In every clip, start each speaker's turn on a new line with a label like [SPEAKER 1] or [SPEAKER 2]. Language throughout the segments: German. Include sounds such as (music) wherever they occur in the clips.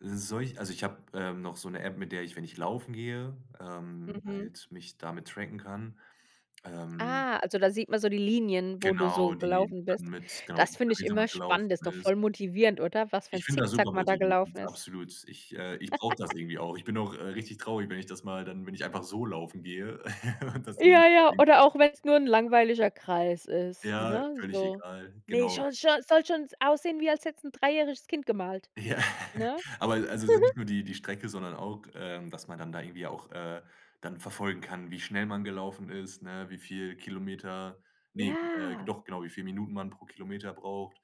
[SPEAKER 1] Solch Also ich habe, ähm, noch so 'ne App, mit der ich, wenn ich laufen gehe, ähm,
[SPEAKER 2] Mhm.
[SPEAKER 1] halt mich damit tracken kann, ähm.
[SPEAKER 2] Ah, also da sieht man so die Linien, wo du, so,
[SPEAKER 1] Genau, die
[SPEAKER 2] gelaufen
[SPEAKER 1] dann
[SPEAKER 2] bist.
[SPEAKER 1] mit Genau, wie
[SPEAKER 2] Das
[SPEAKER 1] viel
[SPEAKER 2] finde ich
[SPEAKER 1] Kilometer man
[SPEAKER 2] immer
[SPEAKER 1] gelaufen
[SPEAKER 2] spannend, ist doch
[SPEAKER 1] ist.
[SPEAKER 2] voll motivierend, oder? Was für
[SPEAKER 1] Ich
[SPEAKER 2] 'n
[SPEAKER 1] find das super
[SPEAKER 2] Zick-Zack man da
[SPEAKER 1] motivierend,
[SPEAKER 2] gelaufen ist.
[SPEAKER 1] absolut. Ich, äh, ich brauche das
[SPEAKER 2] (laughs)
[SPEAKER 1] irgendwie auch. Ich bin auch, äh, richtig traurig, wenn ich das mal dann wenn ich einfach so laufen gehe (chuckles) und das dann.
[SPEAKER 2] Ja, ja, oder auch wenn 's nur 'n
[SPEAKER 1] (unintelligible)
[SPEAKER 2] langweiliger Kreis ist,
[SPEAKER 1] Ja,
[SPEAKER 2] ne?
[SPEAKER 1] völlig
[SPEAKER 2] So,
[SPEAKER 1] egal,
[SPEAKER 2] ne,
[SPEAKER 1] genau.
[SPEAKER 2] scho scho soll schon s aussehen, wie als hätte es ein dreijähriges Kind gemalt,
[SPEAKER 1] Ja,
[SPEAKER 2] ne?
[SPEAKER 1] aber also sind
[SPEAKER 2] (giggles)
[SPEAKER 1] nicht nur die die Strecke, sondern auch, ähm, dass man dann da irgendwie auch, äh, dann verfolgen kann, wie schnell man gelaufen ist, ne? Wie viel Kilometer, ne, äh,
[SPEAKER 2] Ja.
[SPEAKER 1] doch genau, wie viel Minuten man pro Kilometer braucht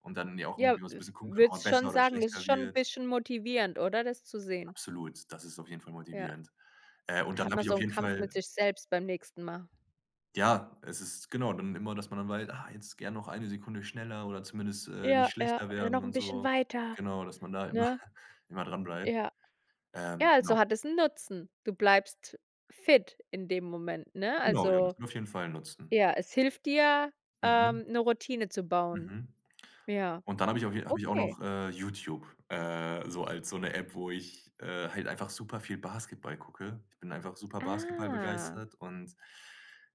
[SPEAKER 1] und dann ja auch
[SPEAKER 2] Ja,
[SPEAKER 1] irgendwie immer so 'n
[SPEAKER 2] f
[SPEAKER 1] bisschen gucken kann, ob man
[SPEAKER 2] würdest
[SPEAKER 1] besser
[SPEAKER 2] schon
[SPEAKER 1] oder
[SPEAKER 2] sagen, es ist
[SPEAKER 1] schlechter
[SPEAKER 2] schon 'n
[SPEAKER 1] wird.
[SPEAKER 2] bisschen motivierend, oder, das zu sehen?
[SPEAKER 1] Absolut, das ist auf jeden Fall
[SPEAKER 2] Ja,
[SPEAKER 1] motivierend, äh, und
[SPEAKER 2] da
[SPEAKER 1] dann
[SPEAKER 2] hat
[SPEAKER 1] habe
[SPEAKER 2] man
[SPEAKER 1] ich
[SPEAKER 2] so
[SPEAKER 1] auf
[SPEAKER 2] 'nen
[SPEAKER 1] jeden
[SPEAKER 2] Kampf mit
[SPEAKER 1] Fall
[SPEAKER 2] sich selbst beim nächsten Mal.
[SPEAKER 1] Ja, es ist, genau dann immer, dass man dann wei „Ah, jetzt gern noch eine Sekunde schneller oder zumindest, äh, nicht
[SPEAKER 2] Ja, ja,
[SPEAKER 1] schlechter
[SPEAKER 2] oder
[SPEAKER 1] werden
[SPEAKER 2] noch 'n
[SPEAKER 1] und
[SPEAKER 2] bisschen
[SPEAKER 1] so."
[SPEAKER 2] weiter,
[SPEAKER 1] Genau, dass man da immer
[SPEAKER 2] ne?
[SPEAKER 1] (chuckles) immer dranbleibt.
[SPEAKER 2] Ja.
[SPEAKER 1] Ähm,
[SPEAKER 2] Ja, also
[SPEAKER 1] genau.
[SPEAKER 2] hat es 'n Nutzen. Du bleibst fit in dem Moment, ne?
[SPEAKER 1] Genau, ja, das
[SPEAKER 2] Also,
[SPEAKER 1] kann man auf jeden Fall nutzen.
[SPEAKER 2] ja, es hilft dir,
[SPEAKER 1] Mhm.
[SPEAKER 2] ähm, 'ne Routine zu bauen.
[SPEAKER 1] Mhm,
[SPEAKER 2] Ja,
[SPEAKER 1] und dann habe ich auf je auch
[SPEAKER 2] okay.
[SPEAKER 1] noch, äh, YouTube, äh, so als so 'ne App, wo ich, äh, halt einfach super viel Basketball gucke. Ich bin einfach super
[SPEAKER 2] Ah.
[SPEAKER 1] basketballbegeistert und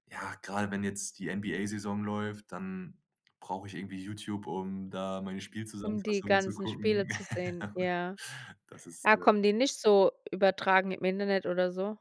[SPEAKER 1] ja, gerade wenn jetzt die NBA-Saison läuft, dann brauche ich irgendwie YouTube, um da meine
[SPEAKER 2] Um die
[SPEAKER 1] Spielzusammenfassungen zu
[SPEAKER 2] ganzen Spiele
[SPEAKER 1] gucken.
[SPEAKER 2] zu sehen,
[SPEAKER 1] (laughs)
[SPEAKER 2] ja.
[SPEAKER 1] Das ist
[SPEAKER 2] Ah,
[SPEAKER 1] (unintelligible)
[SPEAKER 2] kommen die nicht so übertragen im Internet oder so?